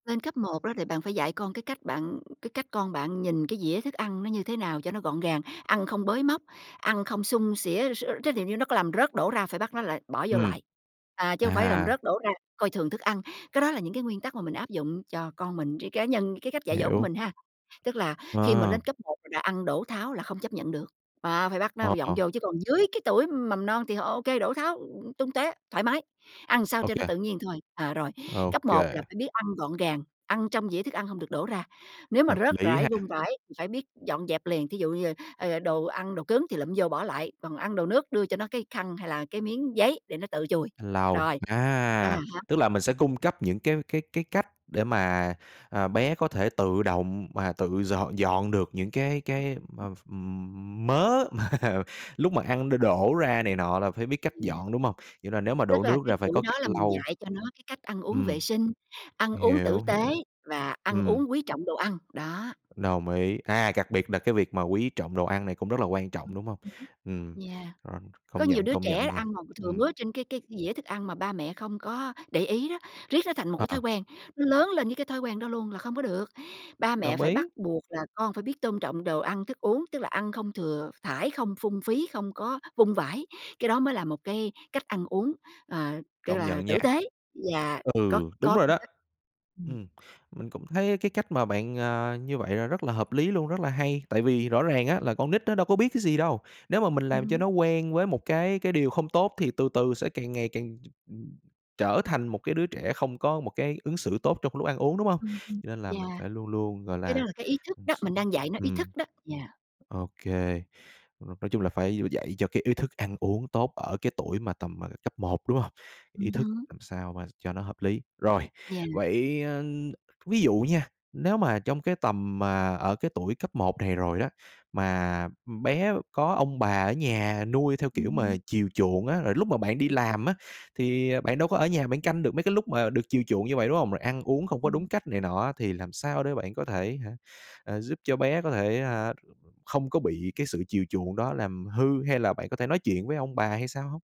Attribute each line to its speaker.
Speaker 1: Lên cấp 1 đó, thì bạn phải dạy con cái cách bạn cái cách con bạn nhìn cái dĩa thức ăn nó như thế nào cho nó gọn gàng, ăn không bới móc, ăn không sưng sỉa s thế thì như nó có làm rớt đổ ra phải bắt nó lại bỏ vô
Speaker 2: Ừm.
Speaker 1: lại, à, chứ không phải làm
Speaker 2: À.
Speaker 1: rớt đổ ra, coi thường thức ăn. Cái đó là những cái nguyên tắc mà mình áp dụng cho con mình ch cá nhân, cái cách dạy dỗ của
Speaker 2: Hiểu.
Speaker 1: mình ha. Tức là khi mà
Speaker 2: Ờ.
Speaker 1: lên cấp 1 rồi đà ăn đổ tháo là không chấp nhận được, ờ, phải bắt nó
Speaker 2: Ờ,
Speaker 1: dọn
Speaker 2: ờ.
Speaker 1: vô, chứ còn dưới cái tuổi mầm non thì ô kê, đổ tháo, ừm, tung toé thoải mái, ăn làm sao
Speaker 2: Ô
Speaker 1: cho nó
Speaker 2: kê.
Speaker 1: tự nhiên thôi. À, rồi,
Speaker 2: Ô
Speaker 1: cấp 1
Speaker 2: kê.
Speaker 1: là phải biết ăn gọn gàng, ăn trong dĩa thức ăn hông được đổ ra. Nếu mà
Speaker 2: Hợp
Speaker 1: rớt
Speaker 2: lý
Speaker 1: rãi
Speaker 2: ha.
Speaker 1: vung vãi thì phải biết dọn dẹp liền, thí dụ như, ờ, đồ ăn, đồ cứng thì lụm vô bỏ lại, còn ăn đồ nước đưa cho nó cái khăn hay là cái miếng giấy để nó tự chùi,
Speaker 2: Cách lau.
Speaker 1: rồi. À
Speaker 2: À,
Speaker 1: há.
Speaker 2: tức là mình sẽ cung cấp những cái cái cái cách để mà, ờ, bé có thể tự động mà tự dọn dọn được những cái cái m ph
Speaker 1: [unintelligible]
Speaker 2: ừm, mớ mà lúc mà ăn đ đổ ra này nọ là phải biết cách
Speaker 1: Yeah.
Speaker 2: dọn, đúng hông? Kiểu là nếu mà
Speaker 1: Tức
Speaker 2: đổ
Speaker 1: là
Speaker 2: nước
Speaker 1: cái
Speaker 2: ra phải
Speaker 1: tuổi
Speaker 2: có
Speaker 1: đó
Speaker 2: cách
Speaker 1: là mình
Speaker 2: lau.
Speaker 1: dạy cho nó cái cách ăn uống vệ
Speaker 2: Ừm.
Speaker 1: sinh, ăn uống tử
Speaker 2: Hiểu,
Speaker 1: tế
Speaker 2: hiểu.
Speaker 1: và ăn
Speaker 2: Ừm.
Speaker 1: uống quý trọng đồ ăn, đó.
Speaker 2: Đồng ý. À, cặc biệt là cái việc mà quý trọng đồ ăn này cũng rất là quan trọng, đúng hông?
Speaker 1: [unintelligible]
Speaker 2: Ừm,
Speaker 1: Yeah.
Speaker 2: rồi,
Speaker 1: Có
Speaker 2: công
Speaker 1: nhiều
Speaker 2: nhận,
Speaker 1: đứa
Speaker 2: công
Speaker 1: trẻ
Speaker 2: nhận nha.
Speaker 1: ăn mà thừa
Speaker 2: Ừm.
Speaker 1: mứa trên cái cái dĩa thức ăn mà ba mẹ không có để ý đó, riết nó thành một cái thói
Speaker 2: Ờ.
Speaker 1: quen, nó lớn lên với cái thói quen đó luôn là không có được. Ba mẹ
Speaker 2: Đồng
Speaker 1: phải bắt
Speaker 2: ý.
Speaker 1: buộc là con phải biết tôn trọng đồ ăn thức uống, tức là ăn không thừa thãi, không phung phí, không có vung vãi, cái đó mới là một cái cách ăn uống, ờ, kêu
Speaker 2: Công
Speaker 1: là
Speaker 2: nhận nha.
Speaker 1: tử tế và có
Speaker 2: Ừ, đúng
Speaker 1: có
Speaker 2: rồi đó.
Speaker 1: [unintelligible] ừm.
Speaker 2: Ừm, mình cũng thấy cái cách mà bạn, à, như vậy là rất là hợp lý luôn, rất là hay, tại vì rõ ràng á là con nít nó đâu có biết cái gì đâu, nếu mà mình
Speaker 1: Ừm
Speaker 2: làm cho
Speaker 1: hứm.
Speaker 2: nó quen với một cái cái điều không tốt thì từ từ sẽ càng ngày càng, ừm, trở thành một cái đứa trẻ không có một cái ứng xử tốt trong cái lúc ăn uống, đúng hông?
Speaker 1: Ừm hưm.
Speaker 2: Cho nên là mình
Speaker 1: Yeah.
Speaker 2: phải luôn luôn, gọi
Speaker 1: Cái đó
Speaker 2: là
Speaker 1: là cái ý thức đó, mình
Speaker 2: [unintelligible]
Speaker 1: đang dạy nó ý thức
Speaker 2: ừm.
Speaker 1: đó, yeah.
Speaker 2: Ô kê, ờ, nói chung là phải dũa dạy cho cái ý thức ăn uống tốt ở cái tuổi mà tầm, ờ, cấp 1, đúng hông? Ý
Speaker 1: Ừm
Speaker 2: thức
Speaker 1: hứm.
Speaker 2: làm sao mà cho nó hợp lý. Rồi,
Speaker 1: Yeah.
Speaker 2: vậy, ờ, ví dụ nha, nếu mà trong cái tầm mà ở cái tuổi cấp 1 này rồi á, mà, ừm, bé có ông bà ở nhà nuôi theo
Speaker 1: Ừm
Speaker 2: kiểu mà
Speaker 1: hứm.
Speaker 2: chiều chuộng á, rồi lúc mà bạn đi
Speaker 1: Yeah.
Speaker 2: làm á, thì, à, bạn đâu có ở nhà bạn canh được mấy cái lúc mà được chiều chuộng như vậy, đúng hông? Rồi ăn uống không có đúng
Speaker 1: Ừm.
Speaker 2: cách này nọ thì làm sao để bạn có thể hả, ờ, giúp cho bé có thể, ờ, không có bị cái sự chiều chuộng đó làm hư hay là bạn có thể nói chuyện với ông bà hay sao hông?